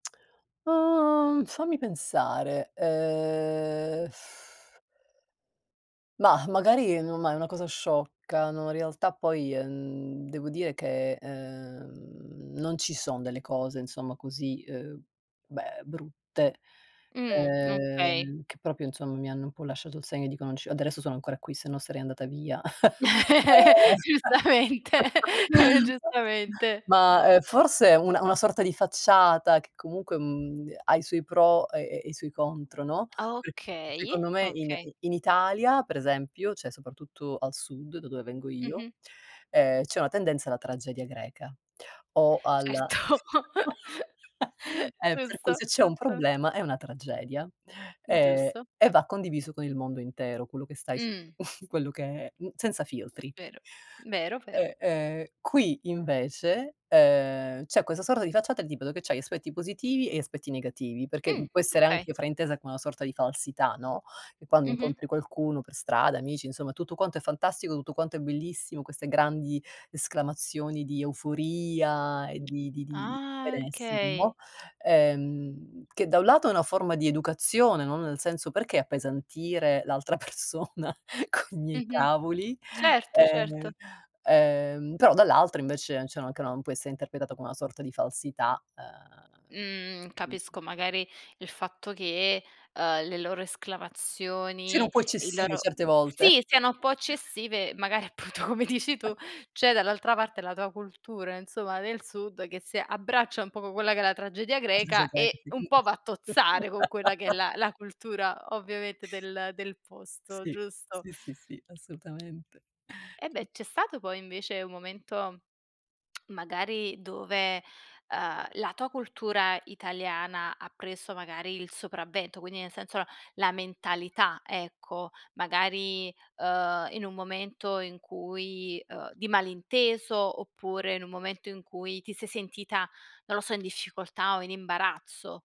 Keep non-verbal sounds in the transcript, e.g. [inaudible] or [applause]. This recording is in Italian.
[smacks lips] Uhm, fammi pensare, ehm [lip trill] mah, magari non ma è una cosa sciocca, no, in realtà poi, ehm, devo dire che, uhm, non ci son delle cose insomma così, uhm, beh brutte, Mh, okay. ehm, che proprio insomma mi hanno un po' lasciato il segno e dico: "Non ci adesso sono ancora qui sennò sarei andata via." [chuckles] Ehm [laughs] Giustamente, [laughs] [laughs] giustamente. ma ma, uhm, forse una una sorta di facciata che comunque, mhmm, de ha i suoi pro e e i suoi contro, no, Ah, se okay. secondo me in Okay. i in Italia, per esempio, cioè soprattutto al sud da dove vengo io, Mh-mh. ehm, c'è una tendenza alla tragedia greca, o al Certo. [chuckles] [laughs] eh, per cui Giusto, se c'è un giusto. problema è una tragedia, Mh, ehm, giusto. e va condiviso con il mondo intero, quello che stai s Mh. [chuckles] quello che è, mhmm senza filtri. Vero. Vero, vero. Eh, ehm, qui invece, uhm, c'è questa sorta di facciata del tipo che c'hai aspetti positivi e aspetti negativi, perché, mhmm, Mh, può essere okay. anche fraintesa come una sorta di falsità, no, che quando Mh-mh. incontri qualcuno per strada, amici, insomma tutto quanto è fantastico, tutto quanto è bellissimo, queste grandi esclamazioni di euforia e di di di Ah, benessere, okay. no, ehm, che da un lato è una forma di educazione, no, nel senso: "Perché appesantire l'altra persona coi miei Mh-mh. cavoli?" Certo, Ehm certo. ehm, però dall'altra, invece cioè anche, no, può essere interpretata come una sorta di falsità, Mhmm, uhm [unintelligible] capisco. Magari il fatto che, ehm, le loro Siano un esclamazioni, po' i eccessivi loro certe volte. sì, siano un po' [chuckles] eccessive, magari appunto come dici tu, [chuckles] c'è dall'altra parte la tua cultura, insomma, del sud che si abbraccia un poco quella che è la tragedia greca e un po' va a [unintelligible] tozzare con quella che è [laughs] la la cultura, ovviamente, del del posto, Si. giusto. Sì, sì, sì, assolutamente. Eh beh, c'è stato poi invece un momento, [smacks lips] magari dove, uhm, la tua cultura italiana ha preso magari il sopravvento. Quindi nel senso no, la mentalità, ecco, magari, uhm, in un momento in cui, uhm di malinteso oppure in un momento in cui ti sei sentita, non lo so, in difficoltà o in imbarazzo?